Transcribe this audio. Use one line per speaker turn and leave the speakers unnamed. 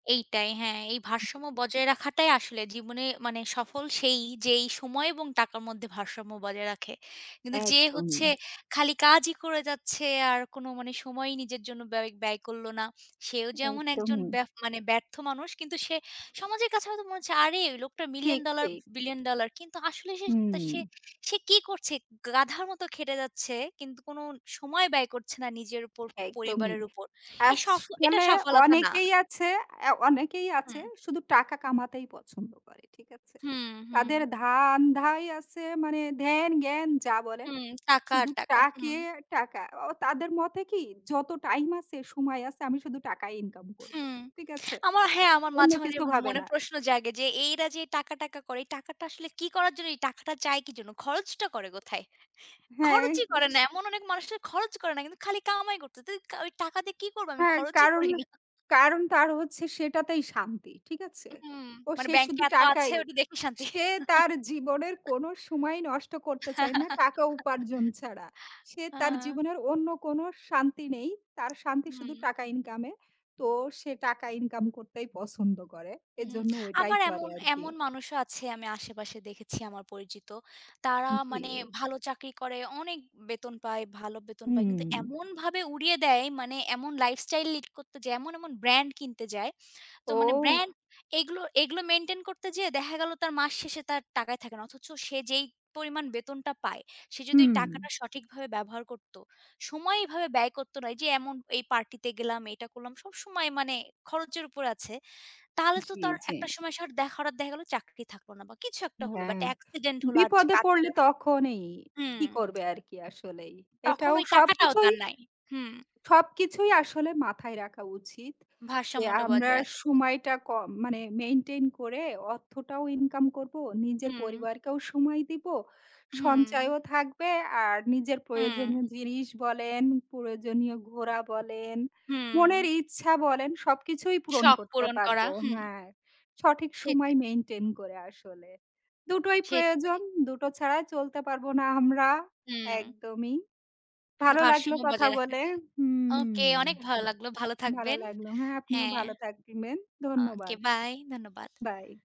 এইটাই, হ্যাঁ। এই
হু।
ভারসাম্য বজায় রাখাটাই আসলে জীবনে মানে সফল সেই, যেই সময় এবং টাকার মধ্যে ভারসাম্য বজায় রাখে। কিন্তু যে হচ্ছে
একদমই।
খালি কাজই করে যাচ্ছে, আর কোনো মানে সময়ই নিজের জন্য ব্য ব্যয় করল না, সেও যেমন একজন
একদমই।
ব্যফ মানে ব্যর্থ মানুষ। কিন্তু সে সমাজের কাছে হয়তো মনে হচ্ছে, "আরে ওই লোকটার মিলিয়ন
ঠিক,
ডলার,
ঠিক।
Billion dollar." কিন্তু আসলে সে তা সে,
হুম।
সে কী করছে? গাধার মতো খেটে যাচ্ছে। কিন্তু কোন সময় ব্যয় করছে না নিজের উপর,
একদমই।
পরিবারের উপর। এ
আছ
সফল এটা
মানে
সফলতা না।
অনেকেই আছে, অ্যা অনেকেই আছে।
হুম।
শুধু টাকা কামাতেই পছন্দ করে। ঠিক আছে?
হুম, হুম।
তাদের ধান্ধাই আছে মানে, ধ্যান-জ্ঞান যা বলেন।
হুম, টাকা আর
শুধু
টাকা, হুম।
টাকে টাকা। ও তাদের মতে কি? "যত টাইম আছে, সময় আছে, আমি শুধু টাকাই ইনকাম করব।"
হুম।
ঠিক আছে?
আমার হ্যাঁ, আমার
অন্য
মাঝে, মাঝে
কিছু হবে
মনে
না।
প্রশ্ন জাগে যে, এইরা যে টাকা, টাকা করে, এই টাকাটা আসলে কী করার জন্য? এই টাকাটা চায় কী জন্য? খরচটা করে কোথায়?
হ্যাঁ।
খরচই
নিশ
করে না। এমন অনেক মানুষ যারা খরচ করে না কিন্তু, খালি কামাই করতেছে। তুই ওইক টাকা দিয়ে কী করব আমি?
হ্যাঁ,
খরচই
কারণ,
করি না।
কারণ তার হচ্ছে সেটাতেই শান্তি। ঠিক আছে?
হুম।
ও
মানে
সে
ব্যাংকে
শুধু
এত আছে,
টাকাই।
ওইটা দেখেই শান্তি।
সে তার জীবনের কোন সময় নষ্ট করতে চায় না, টাকা উপার্জন ছাড়া। সে
আ
তার জীবনের অন্য কোন শান্তি নেই। তার শান্তি শুধু
হুম।
টাকা ইনকাম এ। তো সে টাকা ইনকাম করতেই পছন্দ করে।
হুম।
এজন্য ওইটাই
আবার
করে
এমন
আরকি।
এমন মানুষও আছে আমি আশেপাশে দেখেছি, আমার পরিচিত। তারা
হুম, জি।
মানে ভালো চাকরি করে, অনেক বেতন পায়, ভালো বেতন পায়।
হুম।
কিন্তু এমনভাবে উড়িয়ে দেয়, মানে এমন লাইফ স্টাইল লিড করতো যে, এমন, এমন ব্রান্ড কিনতে যায়। তো মানে
ওহ!
ব্রান্ড এগুলো, এগুলো মেনটেইন করতে যেয়ে দেখা গেল, তার মাস শেষে তার টাকাই থাকে না। অথচ সে যেই পরিমাণ বেতনটা পায়। সে যদি
হুম।
টাকাটা সঠিকভাবে ব্যবহার করত, সময় এভাবে ব্যয় করত না, এই যে এমন "এই পার্টিতে গেলাম, এইটা করলাম।" সব সময় মানে খরচের উপর আছে। তাহলে তো
জি,
তার
জি।
একটা সময় সে আর দেখ হঠাৎ দেখা গেল চাকরি থাকল না বা কিছু একটা হল বা
হ্যাঁ।
একটা এক্সিডেন্ট হল আর যে
বিপদে
কাজ
পড়লে
হল
তখনই, কি
হুম।
করবে আর কি? আসলেই।
তখন
এটাও
ওই টাকাটাও
সবকিছুই
তার নাই। হুম।
সবকিছুই আসলে মাথায় রাখা উচিত। যে
ভারসাম্যটা
"আমরা
বজায় রাখা।
সময়টা কম মানে, মেইনটেইন করে, অর্থটাও ইনকাম করব, নিজের
হুম।
পরিবারকেও সময় দিব,
হুম।
সঞ্চয়ও থাকবে, আর নিজের
হুম।
প্রয়োজনীয় জিনিস বলেন, প্রয়োজনীয় ঘোরা বলেন,
হুম।
মনের ইচ্ছা বলেন সবকিছুই পূরণ
শখ
করতে
পূরণ
পারব।"
করা, হুম।
হ্যাঁ। সঠিক
সেটাই।
সময় মেইনটেইন করে আসলে। দুটোই
ঠিক।
প্রয়োজন। দুটো ছাড়া চলতে পারব না আমরা।
হুম।
একদমই।
কিন্তু
ভালো লাগলো
ভারসাম্য
কথা
বজায় রাখে।
বলে
ওকে,
হুম।
অনেক ভালো লাগলো। ভালো
ভালো
থাকবেন।
লাগলো। হ্যাঁ, আপনিও
হ্যাঁ।
ভালো থাকবেন।
ওকে,
ধন্যবাদ।
বাই। ধন্যবাদ।
বাই।